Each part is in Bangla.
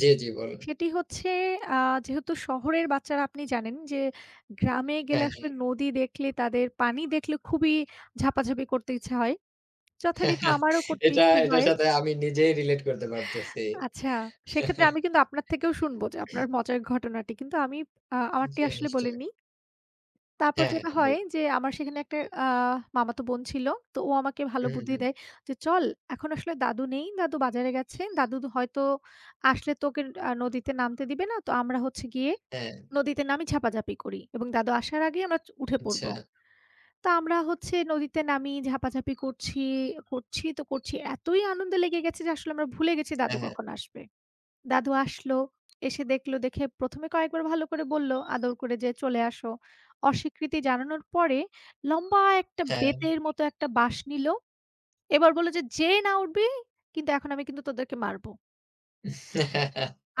জ্বী, জ্বী বলুন। সেটি হচ্ছে আ যেহেতু শহরের বাচ্চারা আপনি জানেন যে, গ্রামে গেলে হ্যাঁ, আসলে হ্যাঁ। নদী দেখলে তাদের পানি দেখলে খুবই ঝাঁপাঝাঁপি করতে ইচ্ছে হয়। যথারিত আমারও করতে এটা, ইচ্ছে এটার হয়। সাথে আমি নিজেই রিলেট করতে পারতেছি। আচ্ছা সেক্ষেত্রে আমি কিন্তু আপনার থেকেও শুনবো যে, আপনার মজার ঘটনাটি। কিন্তু আমি আমারটি জ্বী, আসলে বলে নিশ্চয়। নি। তারপর হ্যাঁ, হ্যাঁ, যেটা হয় বলুন। যে, আমার সেখানে একটা আ মামাতো বোন ছিল তো ও আমাকে ভালো হু, হু, বুদ্ধি হুম। দেয় যে, চল এখন আসলে দাদু নেই, দাদু বাজারে গেছে। দাদু হয়তো আসলে তোকে ন নদীতে নামতে দিবে না তো আমরা হচ্ছে গিয়ে হ্যাঁ। নদীতে নামি ঝাঁপাঝাঁপি করি এবং দাদু আসার আগেই আমরা উঠে পড়ব। আচ্ছা। তো আমরা হচ্ছে নদীতে নামিয়ে ঝাঁপাঝাঁপি করছি, করছি তো করছি। এতই আনন্দে লেগে গেছে যে, আসলে আমরা ভুলে গেছি দাদু হ্যাঁ, হ্যাঁ। কখন আসবে। দাদু আসল, এসে দেখল দেখে ১ম এ কয়েকবার ভালো করে বলল, আদর করে যেয়ে চলে আসো। অস্বীকৃতি জানানোর পরে লম্বা একটা হ্যাঁ। বেতের মতো একটা বাঁশ নিল। এবার বলল যে, যেয়ে না উঠবি, কিন্তু এখন আমি কিন্তু তোদেরকে মারব।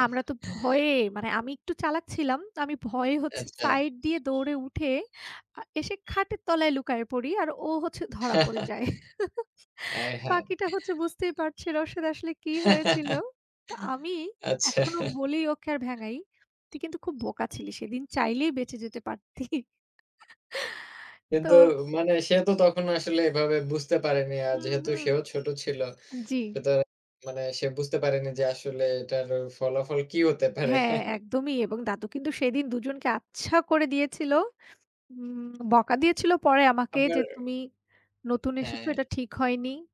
আমরা তো ভয়ে মানে, আমি একটু চালাক ছিলাম। আমি ভয়ে হচ্ছে আচ্ছা। সাইড দিয়ে দৌড়ে উঠে আ এসে খাটের তলায় লুকায়ে পড়ি আর ও হচ্ছে ধরা পড়ে যায় আয়হায়। বাকিটা হচ্ছে বুঝতেই পারছি রসদ আসলে কি হয়েছিল? তো আমি আচ্ছা এখনো বলি ওকে আর ভেঙাই। তুই কিন্তু খুব বোকা ছিলি সেদিন চাইলেই বেঁচে যেতে পারতি তো। কিন্তু মানে সে তো তখন আসলে এভাবে বুঝতে পারেনি। আর হম, যেহেতু হম। সেও ছোট ছিল, জ্বি। সুতরাং মানে সে বুঝতে পারেনি যে, আসলে এটার ফলাফল কি হতে পারে? হ্যাঁ, একদমই এবং দাদু কিন্তু সেদিন দুজনকে আচ্ছা করে দিয়েছিল। হম, বকা দিয়েছিল পরে আমাকে যে, আপনার। তুমি নতুন এসেছো হ্যাঁ। এটা ঠিক হয়নি।